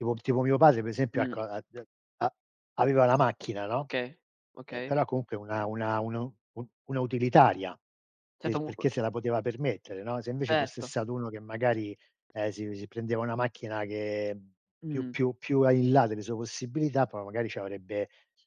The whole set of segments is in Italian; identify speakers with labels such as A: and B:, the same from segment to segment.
A: Tipo tipo mio padre per esempio,
B: Mh.
A: ecco, a de a aveva la macchina, no,
B: Okay,
A: e
B: okay.
A: però comunque una una una u u una utilitaria, e
B: Certo,
A: il
B: mu uhm
A: perché se la poteva permettere, no, se invece fosse
B: Certo.
A: stato 1 che magari, ehm, si si prendeva una macchina che, mhmm, più
B: Mhmm.
A: più più a in là delle sue possibilità, poi magari ci avrebbe ci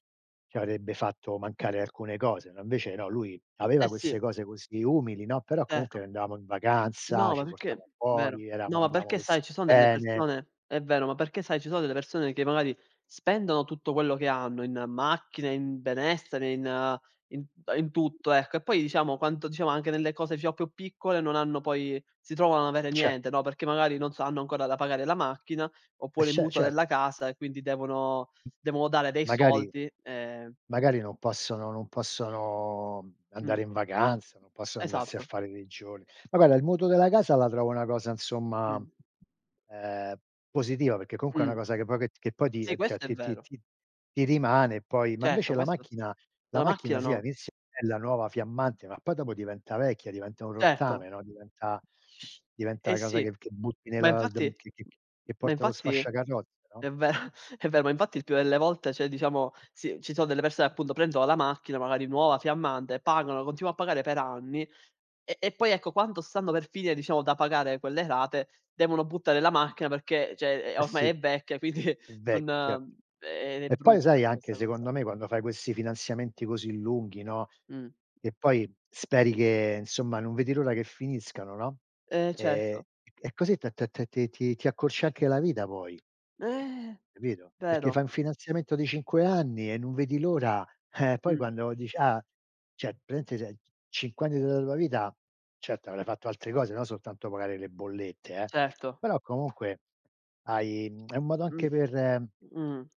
A: ci avrebbe fatto mancare alcune cose, no, invece no, lui
B: Eh
A: aveva
B: sì.
A: queste cose così umili, no, però comunque
B: Certo.
A: andavamo in vacanza,
B: No, ma
A: ci
B: perché
A: portava
B: vero.
A: fuori, eravamo
B: No, ma
A: andavo
B: perché sai
A: vestiti
B: ci son delle
A: bene.
B: persone è vero, ma perché sai ci sono delle persone, che magari spendono tutto quello che hanno in macchine, in benessere, in in t ehm, in tutto, ecco, e poi diciamo quanto diciamo anche nelle cose diciamo più piccole non hanno poi si trovano a non avere
A: E cer
B: niente, no, perché magari, non so, hanno ancora da pagare la macchina,
A: E
B: oppure il
A: ce
B: mutuo della
A: certo.
B: casa, e quindi devono devono dare dei
A: Magari
B: soldi, ehm
A: magari non possono non possono, mhmm,
B: Mh.
A: andare in vacanza, non possono andarsi a
B: Esatto.
A: fare dei giorni. Ma guarda il mutuo della casa, la trovo una cosa, insomma,
B: Mh.
A: ehm, positiva perché comunque è una
B: Mh.
A: cosa che poi che t che poi ti
B: Sì,
A: ehm, ti ehm,
B: questo è
A: ti ti
B: vero.
A: ti ti rimane poi, ma
B: Certo,
A: invece la
B: questo
A: macchina la
B: la
A: macchina
B: macchina
A: sì,
B: no.
A: all'inizio è bella, nuova fiammante, ma poi dopo diventa vecchia, diventa un
B: Certo.
A: rottame, no, diventa
B: Eh
A: diventa
B: eh
A: a cosa
B: sì.
A: che che butti
B: Ma
A: nella
B: infatti
A: ald che che che
B: ma
A: porti allo
B: infatti
A: sfasciacarrozze, no?
B: è vero è ve ma infatti il più delle volte, cioè, diciamo sì, ci sono delle persone, appunto, prendono la macchina, magari nuova fiammante, pagano, continuo a pagare per anni, e e poi, ecco, quando stanno per finire, diciamo, da pagare quelle rate, devono buttare la macchina perché cioè, ehm,
A: Eh sì,
B: ormai è vecchia quindi
A: è vecchio, certo.
B: non e ed e
A: E poi
B: brutta
A: sai, anche
B: questa cosa.
A: secondo me quando fai questi finanziamenti così lunghi, no,
B: Mh.
A: e poi speri che insomma non vedi l'ora che finiscano, no,
B: Eh
A: ehm, e
B: certo.
A: c e così t t t ti ti ti accorcia anche la vita poi.
B: Eh!
A: Capito? Perché
B: Vero.
A: fai un finanziamento di 5 anni, e non vedi l'ora, eh poi
B: Mh.
A: quando dici: "Ah". Cioè praticamente se c 5 anni della tua vita certo avrei fatto altre cose, no soltanto pagare le bollette eh,
B: Certo.
A: però comunque hai mhmm, è un modo anche
B: Mh,
A: per
B: mhmm.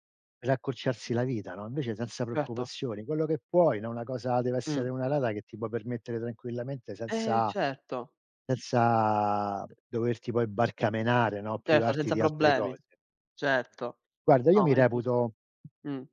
A: per accorciarsi la vita, no, invece senza
B: Certo.
A: preoccupazioni, quello che puoi, no, una cosa deve
B: Mh.
A: essere una rata che ti può permettere tranquillamente
B: Eh
A: senza
B: certo.
A: senza
B: [unintelligible]
A: doverti poi barcamenare, no,
B: Certo,
A: privarti
B: senza
A: di altre
B: problemi.
A: cose.
B: Certo.
A: Guarda io
B: No,
A: mi
B: è giusto.
A: reputo
B: Mh.